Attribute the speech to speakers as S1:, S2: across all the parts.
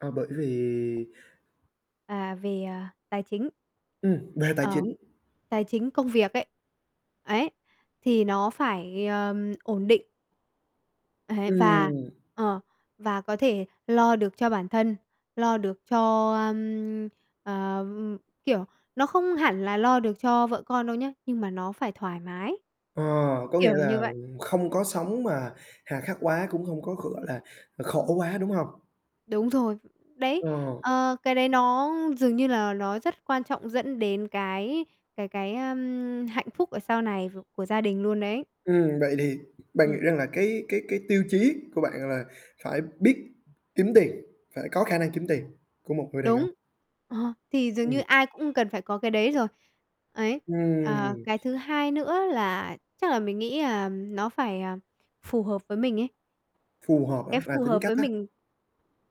S1: À, bởi vì
S2: À, về, à, tài chính.
S1: Ừm, về tài
S2: Ờ,
S1: chính.
S2: tài chính công việc ấy. Ấy, thì nó phải, ờm, ổn định. Ấy, và
S1: Ừm.
S2: ờ, và có thể lo được cho bản thân, lo được cho, ơm, ờ, ơm, kiểu, nó không hẳn là lo được cho vợ con đâu nhá, nhưng mà nó phải thoải mái,
S1: Ờ, có nghĩa
S2: kiểu như
S1: là
S2: vậy.
S1: không có sống mà hà khắc quá cũng không có, gọi là, khổ quá, đúng hông?
S2: Đúng rồi, đấy,
S1: Ờ.
S2: ờ, cái đấy nó dường như là nó rất quan trọng dẫn đến cái cái cái, ơm, hạnh phúc ở sau này v của gia đình luôn đấy.
S1: Ừm, vậy thì bạn
S2: Ừm.
S1: nghĩ rằng là cái cái cái tiêu chí của bạn là phải biết kiếm tiền, phải có khả năng kiếm tiền của một người đàn ông?
S2: Đúng, ờ, thì dường như
S1: Ừm.
S2: ai cũng cần phải có cái đấy rồi. Ấy, ờ,
S1: Ừm.
S2: cái thứ hai nữa là chắc là mình nghĩ là nó phải, à, phù hợp với mình ấy.
S1: Phù hợp
S2: Cái
S1: hả? Là
S2: phù
S1: tính
S2: hợp
S1: cách
S2: với
S1: á?
S2: mình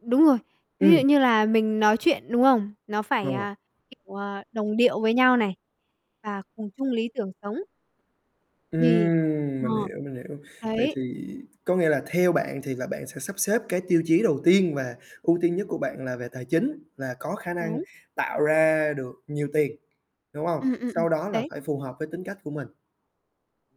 S2: đúng rồi, ví dụ
S1: Ừm.
S2: như là mình nói chuyện, đúng không, nó phải,
S1: Ờ.
S2: à, kiểu, à, đồng điệu với nhau này, và cùng chung lý tưởng sống. Thì
S1: Ừm,
S2: ờ,
S1: mình hiểu, mình hiểu. Vậy
S2: đấy.
S1: thì có nghĩa là theo bạn thì là bạn sẽ sắp xếp cái tiêu chí đầu tiên và ưu tiên nhất của bạn là về tài chính, là có khả năng
S2: Đúng.
S1: tạo ra được nhiều tiền, đúng hông?
S2: Ừm, ừm, ừm,
S1: Sau đó là
S2: đấy.
S1: phải phù hợp với tính cách của mình.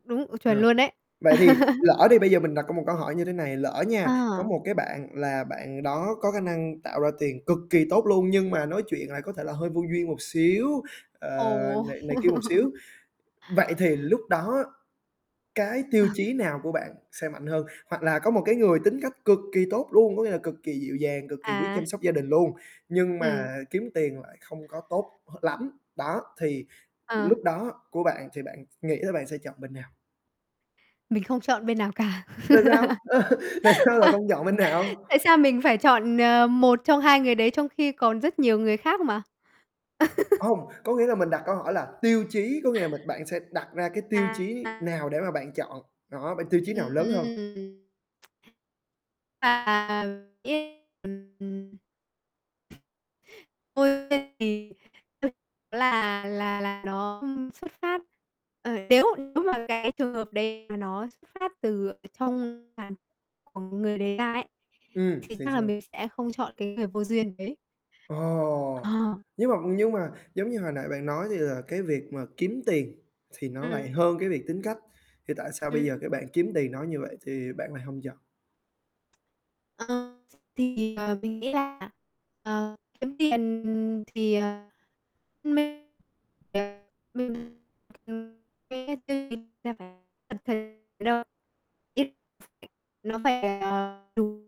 S2: Đúng, ờ, chuẩn
S1: Rồi,
S2: luôn đấy.
S1: vậy thì lỡ đi bây giờ mình đặt có một câu hỏi như thế này, lỡ nha, có
S2: À.
S1: một cái bạn là bạn đó có khả năng tạo ra tiền cực kỳ tốt luôn nhưng mà nói chuyện lại có thể là hơi vô duyên một xíu, ờ,
S2: Ồ.
S1: này này kia một xíu, vậy thì lúc đó á, cái tiêu
S2: Ờ.
S1: chí nào của bạn sẽ mạnh hơn? Hoặc là có một cái người tính cách cực kỳ tốt luôn, có nghĩa là cực kỳ dịu dàng, cực kỳ biết chăm
S2: À.
S1: sóc gia đình luôn, nhưng
S2: Ừm.
S1: mà kiếm tiền lại không có tốt h lắm, đó, thì
S2: Ờ.
S1: lúc đó của bạn thì bạn nghĩ là bạn sẽ chọn bên nào?
S2: Mình không chọn bên nào cả.
S1: Tại sao? Tại sao lại không chọn bên nào?
S2: Tại sao mình phải chọn, ờ, 1 trong 2 người đấy? Trong khi còn rất nhiều người khác mà?
S1: Hông, có nghĩa là mình đặt câu hỏi là tiêu chí có nghĩa là mình bạn sẽ đặt ra cái tiêu chí
S2: À.
S1: nào để mà bạn chọn, đó, bên tiêu chí nào lớn hơn?
S2: Ừm. Thực ra là, mình nghĩ ấy ừm, ừm. Ôi, [unintelligible] ra thì ừ, chủ yếu là là là nó, ưm, xuất phát, ờ, nếu nếu mà cái trường hợp đấy mà nó xuất phát từ ở trong [unintelligible] của người đấy ra ấy,
S1: Ừm,
S2: thì
S1: thì
S2: chắc là
S1: sao?
S2: mình sẽ không chọn cái người vô duyên đấy.
S1: Ồ,
S2: Ờ.
S1: nhưng mà nhưng mà, giống như hồi nãy bạn nói, thì là cái việc mà kiếm tiền thì nó lại
S2: Ừm.
S1: hơn cái việc tính cách, thì tại sao bây giờ
S2: Ừm.
S1: cái bạn kiếm tiền nói như vậy thì bạn lại hông chọn?
S2: Ờ, thì, ờ, mình nghĩ là, ờ, kiếm tiền thì, ờ, mê tiền [unintelligible] ừm, mê tiền là phải cảm thấy [unintelligible] nó phải, ờ, đủ